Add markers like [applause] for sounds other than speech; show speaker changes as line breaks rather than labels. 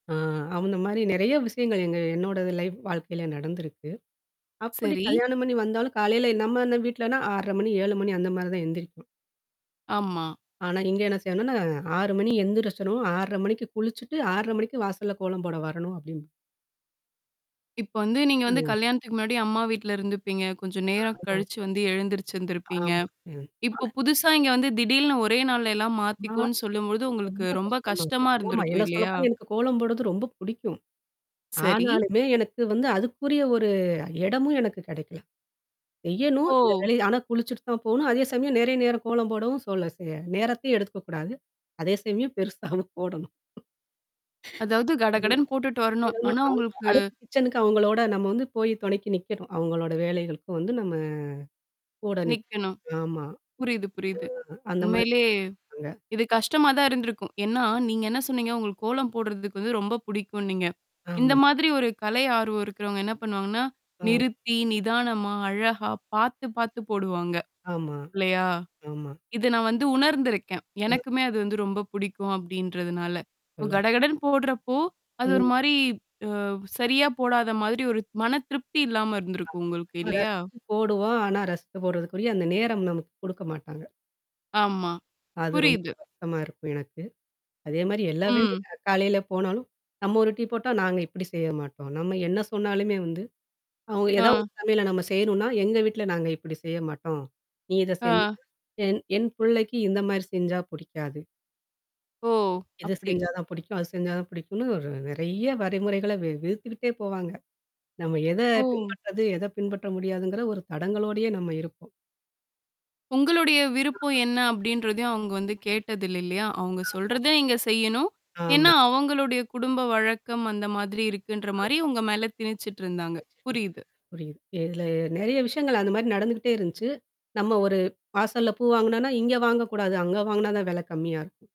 அ அவுங்க மாரி நெறைய விஷயங்கள் எங்க என்னோட லைஃப் வாழ்க்கையில நடந்திருக்கு. அப்படி
சரி.
கல்யாணம் பண்ணி வந்தாலும் காலையில நம்ம இந்த வீட்லன்னா 6 1/2 மணி, 7 மணி அந்த மாரி தான் எந்திரிப்போம்.
ஆமா.
ஆனா, இங்க என்ன செய்யணனன்னா 6 மணி எந்திரிஞ்சிடணும். 6 1/2 மணிக்கு குளிச்சுட்டு மணிக்கு வாசல்ல கோலம் போட வரணும் அப்டிம்பா
இப்ப வந்து நீங்க வந்து
ம்.
கல்யாணத்துக்கு முன்னாடி அம்மா வீட்ல இருந்துப்பீங்க. கொஞ்சம் நேரம்
ம்.
கழிச்சு வந்து எழுந்திரிச்சுிருந்திருப்பீங்க.
ஆமா. ம்.
இப்ப
[unintelligible]
புதுசா இங்க வந்து திடீர்னு ஒரே நாள் எல்லாம்
ஆ
மாத்திக்கவோன்னு சொல்லும்பொழுது உங்களுக்கு
ரொம்ப
ரொம்ப
கஷ்டமா இருக்கும்.
கஷ்டமா
ஆமா.
இருந்திருக்கும்
என்ன
இல்லையா?
சொல்லப்போனா எனக்கு கோலம் போடுறது ரொம்ப பிடிக்கும்.
சரி.
ஆனாலுமே எனக்கு வந்து அதுக்குரிய ஒரு இடமும் எனக்கு கிடைக்கல, செய்யணும். இந்த
ஓ!
வேலைய ஆனா குளிச்சுட்டு தான் போணும். அதே சமயம் நெறைய நேரம் கோலம் போடவும் சொல்ல சே நேரத்தையும் எடுத்துக்கக்கூடாது. அதே சமயம் பெருசாவும் போடணும்.
அதாவது கடகடன்னு போட்டுட்டு வரணும்.
போடணும்.
ஆனா
அவ
உங்களுக்கு
அடுத்த கிச்சனுக்கு அவங்களோட நம்ம வந்து போய் தொணைக்கு நிக்கணும். அவங்களோட வேலைக்களுக்கு வந்து நம்ம கூட நிக்கணும்.
நிக்கணும்.
ஆமா.
புரியுது, புரியுது.
ஆ அந்த மாரி.
உண்மையிலே
அங்க.
இது கஷ்டமா தான் இருந்திருக்கும். ஏன்னா, நீங்க என்ன சொன்னீங்க? உங்களுக்கு கோலம் போடுறதுக்கு வந்து ரொம்ப புடிக்கும்ன்னீங்க. இந்த
ஆமா.
மாதிரி ஒரு கலை ஆர்வம் இருக்கிறவங்க என்ன பண்ணுவாங்கன்னா?
ம்.
நிறுத்தி நிதானமா அழகா பார்த்து, பார்த்து போடுவாங்க.
ஆமா.
இல்லையா?
ஆமா.
இத நான் வந்து உணர்ந்திருக்கேன்.
ம்.
எனக்குமே அது வந்து ரொம்ப பிடிக்கும் அப்டின்றதுனால. இப்ப
எல்லாம்.
கடகடன்னு போடுறப்போ, அது ஒரு
ம்.
மாரி அவ் சரியா போடாத மாதிரி ஒரு மன திருப்தி இல்லாம இருந்திருக்கும் உங்களுக்கு
ஆ
இல்லையா?
ரசிச்சு போடுவோம். ஆனா ரசித்து போடுறதுக்குரிய அந்த நேரம் நமக்கு குடுக்க மாட்டாங்க.
ஆமா.
அது ரொம்ப
புரியுது.
வறுத்தமா இருக்கும் எனக்கு. அதே மாரி எல்லா வேலையும்
ம்.
காலையில போனாலும். நம்ம ஒரு டீ போட்டா நாங்க இப்படி செய்ய மாட்டோம். நம்ம என்ன சொன்னாலுமே வந்து, அவுங்க
ஆ.
ஏதாவது உங்க சமையல நம்ம செய்யணும்னா, எங்க வீட்ல நாங்க இப்படி செய்ய மாட்டோம். நீ இத செஞ்ச
ஆ.
என் என் புள்ளைக்கு இந்த மாரி செஞ்சா புடிக்காது.
ஓ!
இது
அப்படி.
செஞ்சா தான் புடிக்கும். அது செஞ்சா தான் புடிக்குனு ஒரு நெறைய வரைமுறைகள்ல விதிச்சிக்கிட்டே போவாங்க. நம்ம எத
ஓ!
பின்பற்றது, எத பின்பற்ற முடியாதுங்கிற ஒரு தடங்களோடயே நம்ம இருப்போம்.
உங்களுடைய விருப்பம்
ஆமா,
என்ன அப்டின்றதையும் அவங்க வந்து கேட்டதில்ல இல்லையா? அவங்க சொல்றத நீங்க செய்யணும்?
ஆமா.
ஏன்னா,
ஆமா.
அவங்களுடைய குடும்ப வழக்கம் அந்த மாதிரி இருக்குன்ற
ஆமா.
மாரி உங்க மேல திணிச்சுட்டு இருந்தாங்க.
[unintelligible]
புரியுது.
புரியுது. இதில நெறைய விஷயங்கள் அந்த மாரி நடந்துகிட்டே இருந்துச்சு. நம்ம ஒரு வாசல்ல பூ வாங்குனோம்னா, இங்க வாங்கக்கூடாது. அங்க வாங்குனா தான் வெல கம்மியா இருக்கும்.